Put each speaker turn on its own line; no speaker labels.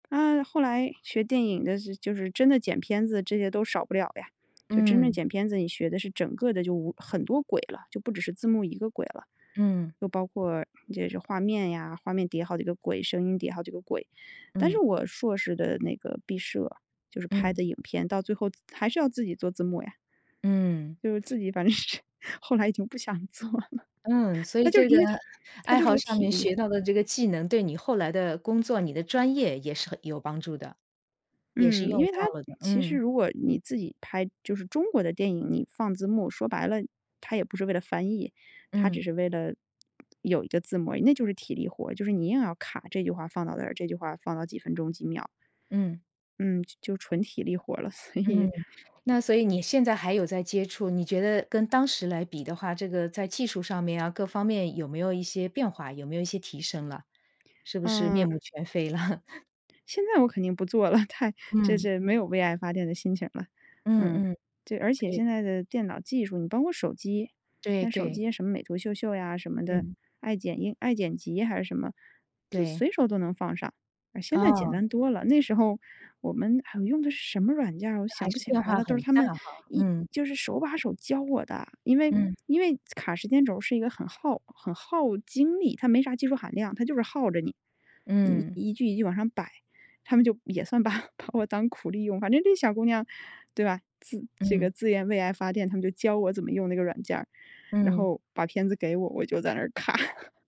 啊，后来学电影的是就是真的剪片子这些都少不了呀，就真正
嗯。
剪片子你学的是整个的就无很多轨了，就不只是字幕一个轨了，
嗯。
又包括这是这画面呀，画面叠好几个轨，声音叠好几个轨。但是
嗯。
我硕士的那个毕设，就是拍
嗯。
的影片，到最后自还是要自己做字幕呀。
嗯。
就是自己反正是后来已经不想做了，
嗯，所
它
以
就是
这个
因为它它
爱
就是
好
个
上
体
面
力
学
活。
到的这个技能对你后来的工作，你的专业也是很有帮助的，也是
嗯，因
用
为它
到了的，
其实
嗯。
如果你自己拍，就是中国的电影，你放字幕，说白了，它也不是为了翻译。它只
嗯。
是为了有一个字幕而已。那就是体力活儿，就是你硬要卡这句话放到这儿，这句话放到几分钟几秒。
嗯。
嗯，就就纯体力活儿了，所
嗯，
以
那所以你现在还有在接触，你觉得跟当时来比的话，这个在技术上面啊，各方面有没有一些变化，有没有一些提升了，是不是面
嗯。
目全非了？
现在我肯定不做了，太这
嗯。
这没有为爱发电的心情儿了，
嗯
嗯。
嗯，
这而且
对。
现在的电脑技术，你包括手机，
对
像手
对。
机什么美图秀秀呀什么的，
嗯。
爱剪映爱剪辑还是什么，就
对。
随手都能放上，啊，现在简
哦。
单多了。那时候，我们啊，我用的是什么软件儿？我
那还
想不
是
起
变
来
化
了。都是
很
他
大
们
哈，
一
嗯。
就是手把手教我的，因为
嗯。
因为卡时间轴儿是一个很耗很耗精力，它没啥技术含量，它就是耗着你。你
嗯。
一句一句往上摆，他们就也算把把我当苦力用，反正这小姑娘对吧？自这个
嗯。
自愿为爱发电，他们就教我怎么用那个软件儿，然
嗯。
后把片子给我，我就在那儿看。